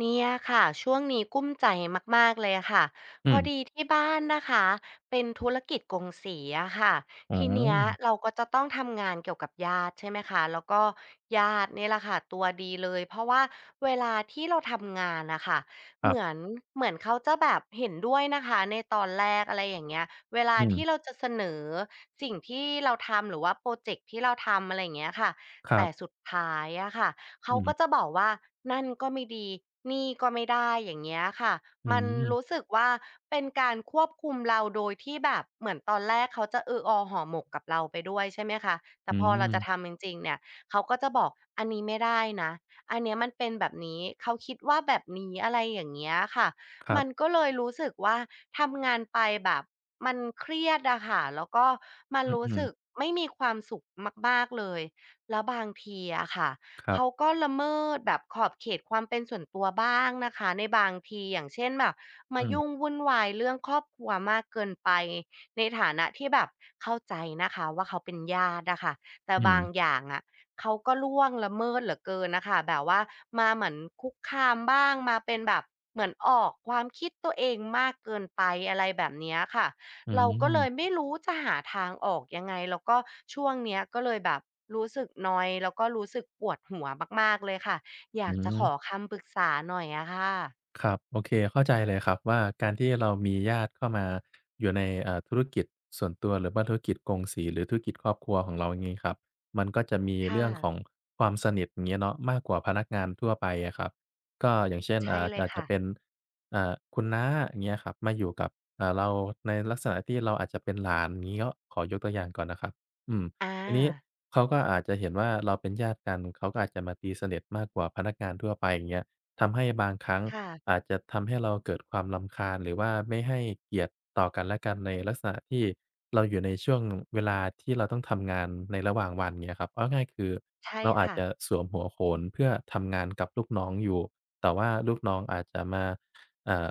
เนี่ยค่ะ ช่วงนี้กลุ้มใจมาก ๆ เลยอะคะ อืพอม ดีที่บ้านนะคะ เป็นธุรกิจ กงสีอะคะ อ๋อ ทีอืเนี้ยม เราก็จะต้องทำงานเกี่ยวกับญาติ ใช่ไหมคะ แล้วก็ญาติเนี่ยแหละค่ะตัวดีเลย เพราะว่าเวลาที่เราทำงานน่ะค่ะ คเรัหมบ ือน เหมือนเขาจะแบบเห็นด้วยนะคะในตอนแรก อะไรอย่างเงี้ย เวลอาทีืม ่เราจะเสนอสิ่งที่เราทำ หรือว่าพรอเจกต์ที่เราทำ อะไรอย่างเงี้ยค่ะ ครแตั่บ สุดท้ายอะคะ เขอาือฮกึ ็จะบอกว่า นั่นก็ไม่ดี นี่ก็ไม่ได้ อย่างเงี้ยค่ะ อืมันม รู้สึกว่าเป็นการควบคุมเรา โดยที่แบบเหมือนตอนแรกเขาจะ เออ ออ ห่อหมกกับเราไปด้วย ใช่ไหมคะ แตอื่พอ เราจะม ทำจริง ๆ เนี่ย เขาก็จะบอก "อันนี้ไม่ได้นะ อันเนี้ยมันเป็นแบบนี้" เขาคิดว่าแบบนี้ อะไรอย่างเงี้ยอะคะ ครัมบ ันก็เลยรู้สึกว่า ทำงานไปแบบมันเครียดอะคะ แล้วก็มันอืรู้สอ ึๆ กไม่มีความสุขมาก ๆ เลย แล้วบางทีอะคะ ครเัขบ าก็ละเมิดแบบขอบเขต ความเป็นส่วนตัวบ้างนะคะ ในบางที อย่างเช่น แบบมอาืยม ุ่งวุ่นวายเรื่องครอบครัวมากเกินไป ในฐานะที่แบบ เข้าใจนะคะว่า เขาเป็นญาติอะคะ แต่อืบางม อย่างอะ เขาก็ล่วงละเมิดเหลือเกินน่ะค่ะ แบบว่ามาเหมือนคุกคามบ้าง มาเป็นแบบเหมือนออก ความคิดตัวเองมากเกินไป อะไรแบบเนี้ยอะคะ อืเราก็เลม ยไม่รู้จะหาทางออกยังไง? แล้วก็ช่วงเนี้ย ก็เลยแบบรู้สึกนอยด์ แล้วก็รู้สึกปวดหัวมาก ๆ เลยค่ะ อยากจะขหือ อคำปรึกษา หน่อยอะคะ ครับ โอเค เข้าใจเลยครับว่า การที่เรามีญาติเข้ามา อยู่ใน เอ่อ ธุรกิจส่วนตัว หรือว่าธุรกิจกงสี หรือธุรกิจครอบครัวของเรา อย่างงี้ครับ มันก็จะมีคเ่รื่องะ ของความสนิท อย่างเงี้ยเนาะ มากกว่าพนักงานทั่วไปอะครับ ก็อย่างเช่น ใชอ่่า เลอยาจคจะ่ะ เป็น อ่า คุณน้า อย่างเงี้ยครับ มาอยู่กับ อ่า เราในลักษณะที่เราอาจจะเป็นหลาน อย่างงี้ ก็ขอยกตัวอย่างก่อนนะครับ อืม อทีนี้า เขาก็อาจจะเห็นว่า เราเป็นญาติ กัน เขาก็อาจจะมาตีสนิทมากกว่าพนักงานทั่วไป อย่างเงี้ย ทำให้บางครั้ง ค่ะ อาจจะทำให้เราเกิดความรำคาญ หรือว่าไม่ให้เกียรติต่อกันและกันในลักษณะที่เราอยู่ในช่วง เวลาที่เราต้องทำงานในระหว่างวัน เงี้ยครับ เอาง่าย ๆ คือใช่เราอคาจ่ะ จะสวมหัวโขน เพื่อทำงานกับลูกน้องอยู่ แต่ว่าลูกน้องอาจจะมา อ่า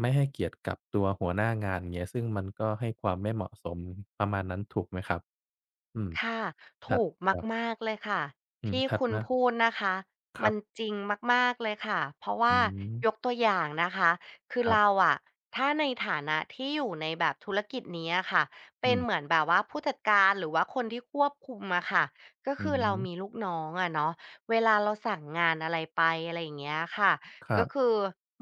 ไม่ให้เกียรติกับตัวหัวหน้างาน อย่างเงี้ย ซึ่งมันก็ให้ความไม่เหมาะสม ประมาณนั้นถูกไหมครับ? อืม ค่ะ คถรูกับ ๆ มาก ๆ เลยค่ะ อืทม ี่ถัดคุณมา พูดนะคะ ครมัันบ จริงมาก ๆ เลยค่ะ เพราะวอ่ืา ม ยกตัวอย่างนะคะ คืคอรัเบ ราอะ ถ้าในฐานะที่อยู่ในแบบธุรกิจนี้อะคะ เอปื็นม เหมือนแบบว่าผู้จัดการ หรือว่าคนที่ควบคุมอะคะ ก็อคืืออฮเราึ มีลูกน้องอะเนาะ เวลาเราสั่งงานอะไรไป อะไรอย่างเงี้ยอะคะ ครกั็บ คือ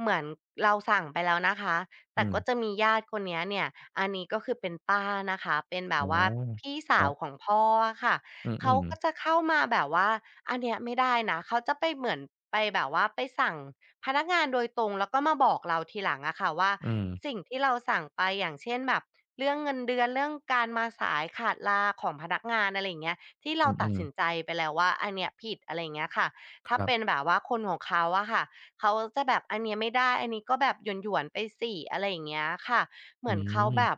เหมือนเราสั่งไปแล้วนะคะ แอตื่ก็ม จะมีญาติคนนี้เนี่ย อันนี้ก็คือเป็นป้านะคะ เป็นแบอ๋บอ ว่าพี่คสราัวบ ของพ่ออะคะ อืเขาอ ก็ๆ จะเข้ามาแบบว่า "อันเนี้ยไม่ได้นะ" เขาจะไปเหมือน ไปแบบว่า ไปสั่งพนักงานโดยตรง แล้วก็มาบอกเราทีหลังอะคะว่า อืม สิ่งที่เราสั่งไป อย่างเช่นแบบ เรื่องเงินเดือน เรื่องการมาสายขาดลาของพนักงาน อะไรอย่างเงี้ย ที่เรอาืตัดอ สๆ ินใจไปแล้วว่า อันเนี้ยผิด อะไรอย่างเงี้ยค่ะ ถค้ารัเปบ ็นแบบว่าคนของเขาอะคะ เขาอะจะแบบ "อันเนี้ยไม่ได้ อันนี้ก็แบบหยวน ๆ ไปสิ" อะไรอย่างเงี้ยค่ะ เหอมืือนเขาแม บบ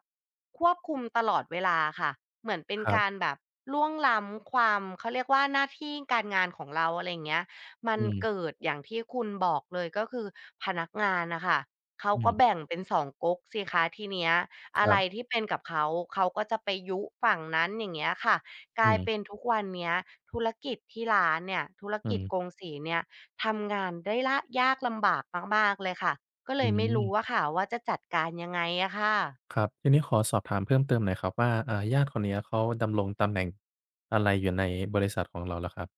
ควบคุมตลอดเวลาอะคะ เหมือนเป็นครกับ ารแบบล่วงล้ำความ เขาเรียกว่า หน้าที่การงานของเรา อะไรอย่างเงี้ย มัอืนม เกิดอย่างที่คุณบอกเลย ก็คือพนักงานน่ะค่ะ เขาอืก็ม แบ่งเป็น 2 ก๊กสิคะทีเนี้ย อคะรไรับ ที่เป็นกับเขา เขาก็จะไปยุฝั่งนั้น อย่างเงี้ยค่ะ กอืลายม เป็นทุกวันเนี้ย ธุรกิจที่ร้านเนี่ย ธุรอืกิจม กงสีนี่ย ทำงานได้ลาก ยากลำบากมาก ๆ เลยค่ะ ก็อเลืยไม่รู้ม อะค่ะว่า จะจัดการยังไงอะคะ? ครับ ทีนี้ขอสอบถามเพิ่มเติมหน่อยครับว่า อ่า ญาติคนเนี้ย เขาดำรงตำแหน่งอะไรอยู่ในบริษัทของเราล่ะครับ?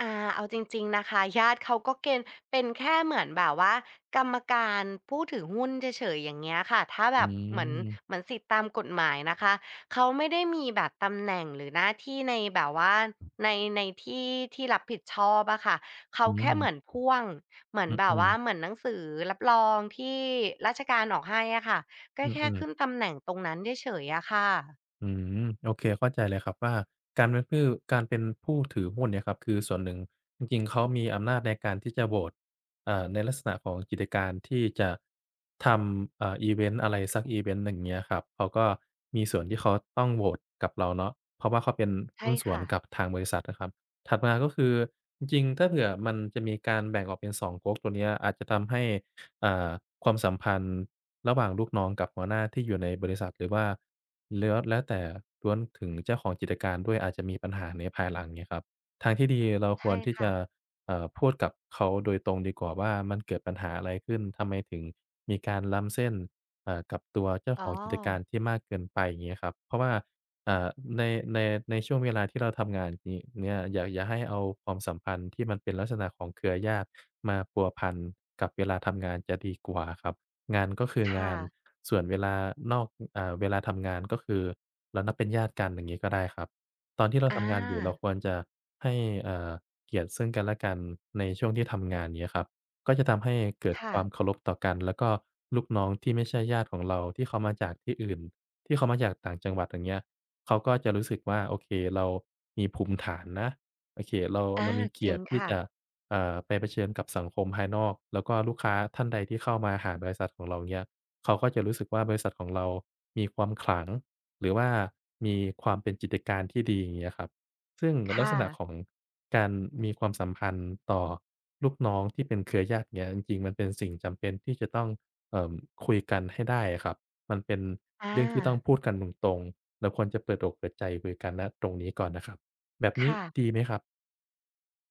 อา เอาจริง ๆ นะคะ ญาติเขาก็เกน เป็นแค่เหมือนแบบว่ากรรมการผู้ถือหุ้นเฉย ๆ อย่างเงี้ยค่ะ ถ้าอแืบบเหมือน ม เหมือนสิทธิตามกฎหมายนะคะ เขาไม่ได้มีแบบตำแหน่งหรือหน้าที่ใน แบบว่าใน ในที่ ที่รับผิดชอบอะคะ เขอาืแค่เหมม ือนพ่วง เหมืออนแบบืวอ ่าๆ เหมือนหนังสือรับรองที่ราชการออกให้อะคะ ก็อแค่ือ ขึๆ ้นตำแหน่งตรงนั้นเฉย ๆ อะคะ อืม โอเค เข้าใจเลยครับว่า การเป็นผื้อ การเป็นผู้ถือหุ้นเนี่ยครับคือส่วนหนึ่ง จริง ๆ เขามีอำนาจในการที่จะโหวต อ่า ในลักษณะของกิจการที่จะ ทำ อ่า อิเวนต์อะไรสักอิเวนต์หนึ่ง เงี้ยครับ เขาก็มีส่วนที่เขาต้องโหวตกับเราเนาะ เพราะว่าเขาเป็นใชหุ่้นส่คว่นะ กับทางบริษัทนะครับ ถัดมาก็คือจริง ๆ ถ้าเผื่อมันจะมีการแบ่งออกเป็น 2 ก๊ก ตัวนี้อาจจะทำให้ อ่า ความสัมพันธ์ระหว่างลูกน้องกับหัวหน้าที่อยู่ในบริษัท หรือว่าแล้ว แล้วแต่ล้วนถึงเจ้าของกิจการด้วย อาจจะมีปัญหาในภายหลัง เงี้ยครับ ทางที่ดีเราใชค่วรที่คจ่ะ ะ อ่า พูดกับเขาโดยตรงดีกว่าว่า มันเกิดปัญหาอะไรขึ้น ทำไมถึงมีการล้ำเส้น อ่า กับตัวเจ้าอ๋ขอ อง กิจการที่มากเกินไป? อย่างเงี้ยครับ เพราะว่า อ่า ใน ใน ในช่วงเวลาที่เราทำงานนี เนี้ย อย่า อย่าให้เอาความสัมพันธ์ที่มันเป็นลักษณะของเครือญาติมาพัวพันกับเวลาทำงานจะดีกว่าครับ งานก็คือคง่าน ะ ส่วนเวลานอก อ่า เวลาทำงาน ก็คือเรานับเป็นญาติกัน อย่างงี้ก็ได้ครับ ตอนที่เราอทำงานอยู่เราา ควรจะให้ อ่า เกียรติซึ่งกันและกันในช่วงที่ทำงาน เงี้ยครับ ก็จะทำให้ เกิดคค่วะ ามเคารพต่อกัน แล้วก็ลูกน้องที่ไม่ใช่ญาติของเรา ที่เขามาจากที่อื่น ที่เขามาจากต่างจังหวัด อย่างเงี้ย เขาก็จะรู้สึกว่า โอเค เรามีภูมิฐานนะ โอเค เรา อเรา ามีเกจรีิยรตงิทีค่่จะ ะ เอ่อ ไปเผชิญกับสังคมภายนอก แล้วก็ลูกค้าท่านใดที่เข้ามาหาบริษัทของเราเนี่ย เขาก็จะรู้สึกว่า บริษัทของเรามีความขลัง หรือว่ามีความเป็นกิจการ ที่ดี อย่างเงี้ยครับ ซึ่งคลั่กษณะะ ของการมีความสัมพันธ์ต่อลูกน้องที่เป็นเครือญาติเนี้ย จริง ๆ มันเป็นสิ่ง จำเป็นที่จะต้อง เอ่อ คุยกันให้ได้อะครับ มันเป็นอเรื่องที่ต้องา พูดกันตรง ๆ เราควรจะเปิดอกเปิดใจคุยกัน ณ ตรงนี้ก่อนนะครับ แบบคนี้่ะ ดีไหมครับ?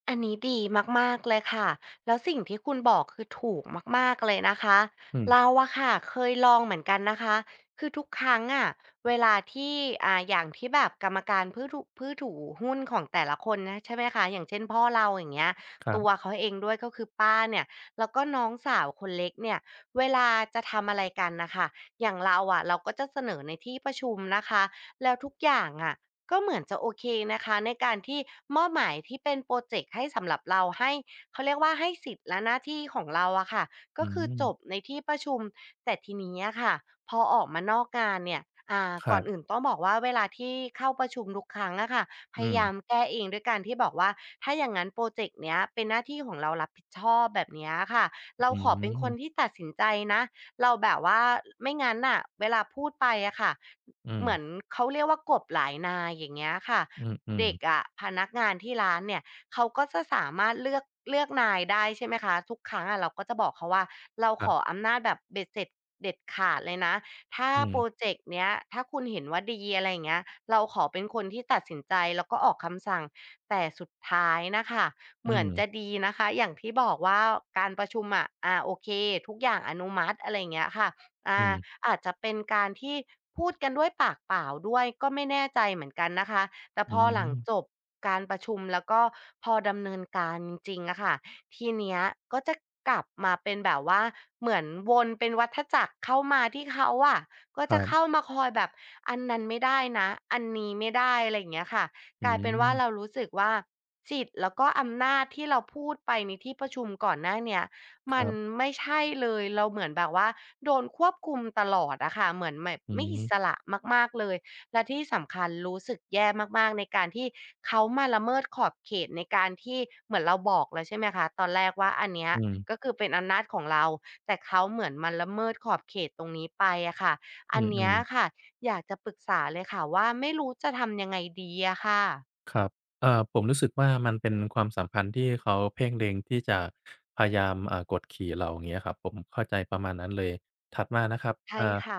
อันนี้ดีมาก ๆ เลยค่ะ แล้วสิ่งที่คุณบอก คือถูกมาก ๆ เลยนะคะ อืเม ราอะคะเคยลองเหมือนกันนะคะ คือทุกครั้งอะ เวลาที่ อ่า อย่างที่แบบกรรมการพื่อถุ ผู้ถือ หุ้นของแต่ละคนนะ ใช่ไหมคะ อย่างเช่น พ่อเราอย่างเงี้ย ครัตับ วเขาเองด้วย ก็คือป้าเนี่ย แล้วก็น้องสาวคนเล็กเนี่ย เวลาจะทำอะไรกันน่ะค่ะ อย่างเราอะ เราก็จะเสนอในที่ประชุมนะคะ แล้วทุกอย่างอะก็เหมือนจะโอเคนะคะ ในการที่มอบหมายที่เป็นพรอเจกต์ให้สำหรับเรา ให้ เขาเรียกว่าให้สิทธิ์และหน้าที่ของเราอะคะ กอ็ือคืฮอจึ บในที่ประชุม แต่ทีนี้อะค่ะ พอออกมานอกงานเนี่ย อ่า คกร่ัอนบ อื่นต้องบอกว่า เวลาที่เข้าประชุมทุกครั้งอะคะ พอืยายม ามแก้เองด้วยการที่บอกว่า ถ้าอย่างงั้นโปรเจ็กต์นี้เป็นหน้าที่ของเรารับผิดชอบ แบบนี้อะคะ เรอาืขอเป็นคนม ที่ตัดสินใจนะ เราแบบว่า อ ไม่งั้นน่ะ เวลาพูดไปอะค่ะ อืเหมืม อนเขาเรียกว่ากบหลายนายอย่างเงี้ยค่ะ อืม เด็ๆ กอะ พนักงานที่ร้านเนี่ย เขาก็จะสามารถเลือก เลือกนายได้ ใช่ไหมคะ ทุกครั้งอะเราก็จะบอกเขาว่า เราครขับ ออำนาจแบบเบ็ดเสร็จเด็ดขาดเลยนะ ถ้าอืพม รอเจกต์เนี้ย ถ้าคุณเห็นว่าดี อะไรอย่างเงี้ย เราขอเป็นคนที่ตัดสินใจแล้วก็ออกคำสั่ง แต่สุดท้ายนะคะ อเืหมือนม จะดีนะคะ อย่างที่บอกว่าการประชุมอะ อ่า โอเค ทุกอย่างอนุมัติ อะไรอย่างเงี้ยค่ะ อ่อา ืม อาจจะเป็นการที่พูดกันด้วยปากเปล่าด้วย ก็ไม่แน่ใจเหมือนกันนะคะ แต่อืพอหลังม จบการประชุม แล้วก็พอดำเนินการจริงอะคะ ทีเนี้ยก็จะกลับมาเป็นแบบว่า เหมือนวนเป็นวัฏจักรเข้ามาที่เขาอะ ก็คจรัะเขบ ้ามาคอยแบบอันนั้นไม่ได้นะ อันนี้ไม่ได้ อะไรอย่างเงี้ยค่ะ อืกลายเป็นว่าม เรารู้สึกว่า สิทธิ์แล้วก็อำนาจที่เราพูดไปในที่ประชุมก่อนหน้าเนี่ย ค มคัรนับ ไม่ใช่เลย เราเหมือนแบบว่าโดนควบคุมตลอดอะคะ เหมือนแบบอืไม่อิม สระมาก ๆ เลย และที่สำคัญรู้สึกแย่มาก ๆ ในการที่เขามาละเมิดขอบเขตในการที่ เหมือนเราบอกแล้ว ใช่ไหมคะ ตอนแรกว่า อันเนี้อยืม ก็คือเป็นอำนาจของเรา แต่เขาเหมือนมาละเมิดขอบเขตตรงนี้ไปอะคะ ออืันเนี้ยม อๆ ะคะ อยากจะปรึกษาเลยค่ะว่า ไม่รู้จะทำยังไงดีอะคะ? ครับ อ่า ผมรู้สึกว่า มันเป็นความสัมพันธ์ที่เขาเพ่งเล็งที่จะพยายาม อ่า กดขี่เรา อย่างนี้ครับ ผมเข้าใจประมาณนั้นเลย ถัดมานะครับ ใช่อ่า ค่ะ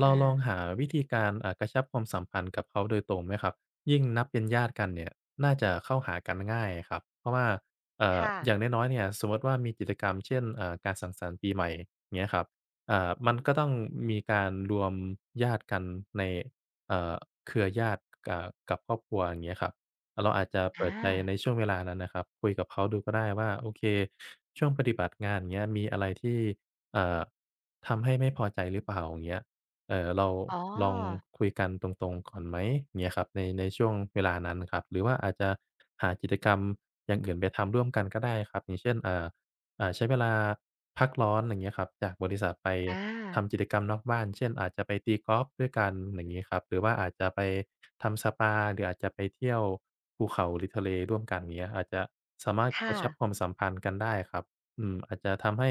เรอาลองา หาวิธีการ อ่า กระชับความสัมพันธ์กับเขาโดยตรงไหมครับ ยิ่งนับเป็นญาติกันเนี่ยน่าจะเข้าหากันง่ายครับ เพราะว่า เอ่คอ ่ะ อย่างน้อย ๆ เนี่ยสมมุติว่ามีกิจกรรม เช่น เอ่อ การสังสรรค์ปีใหม่เงี้ยครับ อ่า มันก็ต้องมีการรวมญาติกันใน เอ่อ เครือญาติ กะ กับครอบครัว อย่างเงี้ยครับ เราอาจจะเปอิดใจา ในช่วงเวลานั้นนะครับ คุยกับเขาดูก็ได้ว่า โอเค ช่วงปฏิบัติงาน อย่างเงี้ย มีอะไรที่ อ่า ทำให้ไม่พอใจหรือเปล่า อย่างเงี้ย เอ่อ เราอ๋อ ลองคุยกันตรง ๆ ก่อนไหม เงี้ยครับ ใน ในช่วงเวลานั้นครับ หรือว่าอาจจะหากิจกรรมอย่างอื่นไปทำร่วมกันก็ได้ครับ อย่างเช่น เอ่อ อ่า ใช้เวลาพักร้อน อย่างเงี้ยครับ จากบริษัทไปอทา ำกิจกรรมนอกบ้าน เช่น อาจจะไปตีกอล์ฟด้วยกันอย่างงี้ครับ หรือว่าอาจจะไปทำสปา หรืออาจจะไปเที่ยวภูเขา หรือทะเลร่วมกัน อย่างเงี้ย อาจจะสามารถคก่ระชับะ ความสัมพันธ์กันได้ครับ อืม อาจจะทำให้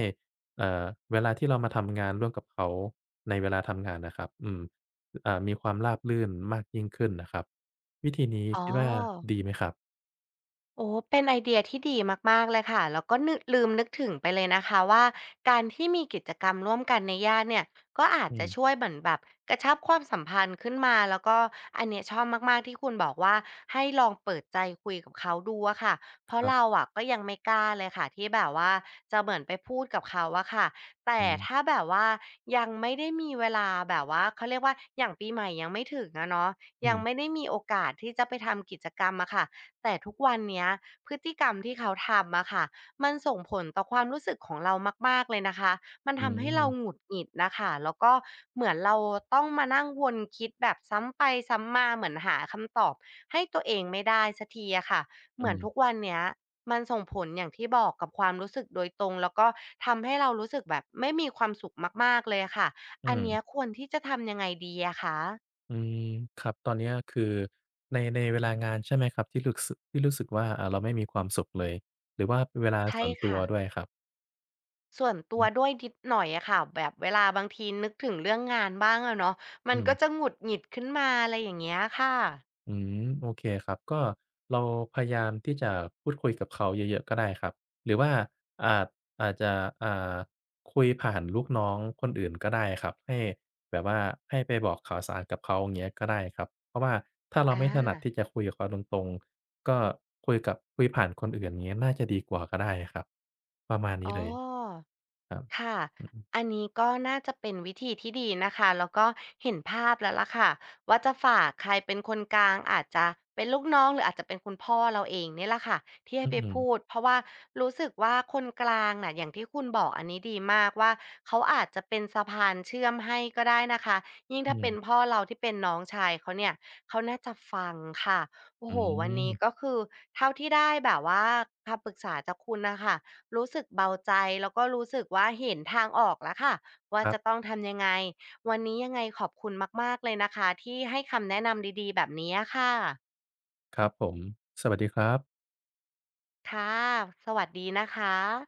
เอ่อ เวลาที่เรามาทำงานร่วมกับเขาในเวลาทำงานน่ะครับ อืม อ่า มีความราบรื่นมากยิ่งขึ้นนะครับ วิธีนี้อ๋คิดว่าอ ดีไหมครับ? โอ้โฮ เป็นไอเดียที่ดีมาก ๆ เลยค่ะ เราก็นือ ลืมนึกถึงไปเลยนะคะว่า การที่มีกิจกรรมร่วมกันในญาติเนี่ย ก็อาอจืจะม ช่วยเหมือนแบบกระชับความสัมพันธ์ขึ้นมา แล้วก็อันนี้ชอบมาก ๆ ที่คุณบอกว่า ให้ลองเปิดใจคุยกับเขาดูอะคะ เพคราะรับ เราอะก็ยังไม่กล้าเลยค่ะที่แบบว่าจะเหมือนไปพูดกับเขาอะคะ แตอ่ืม ถ้าแบบว่ายังไม่ได้มีเวลาแบบว่าเขาเรียกว่า อย่างปีใหม่ยังไม่ถึงอะเนาะ อืยังม ไม่ได้มีโอกาสที่จะไปทำกิจกรรมอะคะ แต่ทุกวันเนี้ย พฤติกรรมที่เขาทำอะคะ มันส่งผลต่อความรู้สึกของเรามาก ๆ เลยนะคะ มันอทำให้เราืม หงุดหงิดน่ะค่ะ แล้วก็เหมือนเราต้องมานั่งวนคิดแบบซ้ำไปซ้ำมา เหมือนหาคำตอบให้ตัวเองไม่ได้สักทีอะคะ อเืหมือนม ทุกวันเนี้ยมันส่งผล อย่างที่บอกกับความรู้สึกโดยตรง แล้วก็ทำให้เรารู้สึกแบบไม่มีความสุขมาก ๆ เลยอะค่ะ อือันเนม ี้ยควรที่จะทำยังไงดีอะคะ? อืม ครับ ตอนเนี้ยคือใน ในเวลางานใช่ไหมครับที่หลุกสึ ที่รู้สึกว่า อ่า เราไม่มีความสุขเลย หรือว่าเวลาใชส่่วนตัคว่ะ ด้วยครับ? ส่วนตัอืวอ ด้วย นิดหน่อยอะคะ แบบเวลาบางทีนึกถึงเรื่องงานบ้างอะเนาะ มอันืกม ็จะหงุด หงิดขึ้นมา อะไรอย่างเงี้ยค่ะ อืม โอเคครับ ก็เราพยายามที่จะพูดคุยกับเขาเยอะ ๆ ก็ได้ครับ หรือว่า อ่า อาจจะ อ่า คุยผ่านลูกน้องคนอื่นก็ได้ครับ ให้แบบว่าให้ไปบอกข่าวสารกับเขา อย่างเงี้ย ก็ได้ครับ เพราะว่าถ้าเราอไม่ถนัด า ที่จะคุยกับเขาตรง ๆ ก็คุยกับ คุยผ่านคนอื่นงี้น่าจะดีกว่าก็ได้ครับ ประมาณนอี๋้อ เลย ครับ ค่ะ อือฮึ อันนี้ ก็น่าจะเป็นวิธีที่ดีนะคะ แล้วก็เห็นภาพแล้วล่ะค่ะ ว่าจะฝากใครเป็นคนกลาง อาจจะเป็นลูกน้อง หรืออาจจะเป็นคุณพ่อเราเองเนี่ยแหละค่ะ ที่ใหอ้ือไปฮพึ ูด เพราะว่ารู้สึกว่าคนกลางน่ะ อย่างที่คุณบอกอันนี้ดีมากว่า เขาอาจจะเป็นสะพานเชื่อมให้ก็ได้นะคะ ยิ่งอถื้าเป็ม นพ่อเรา ที่เป็นน้องชายเขาเนี่ย เขาน่าจะฟังค่ะ โออ้ืโฮ วันนี้ม ก็คือ เท่าที่ได้แบบว่า คำปรึกษาจากคุณน่ะค่ะ รู้สึกเบาใจ แล้วก็รู้สึกว่าเห็นทางออกแล้วค่ะ ว่าครัจบ ะต้องทำยังไง? วันนี้ยังไงขอบคุณมาก ๆ เลยนะคะที่ให้คำแนะนำดี ๆ แบบนี้อะคะ ครับผม สวัสดีครับ ค่ะ สวัสดีนะคะ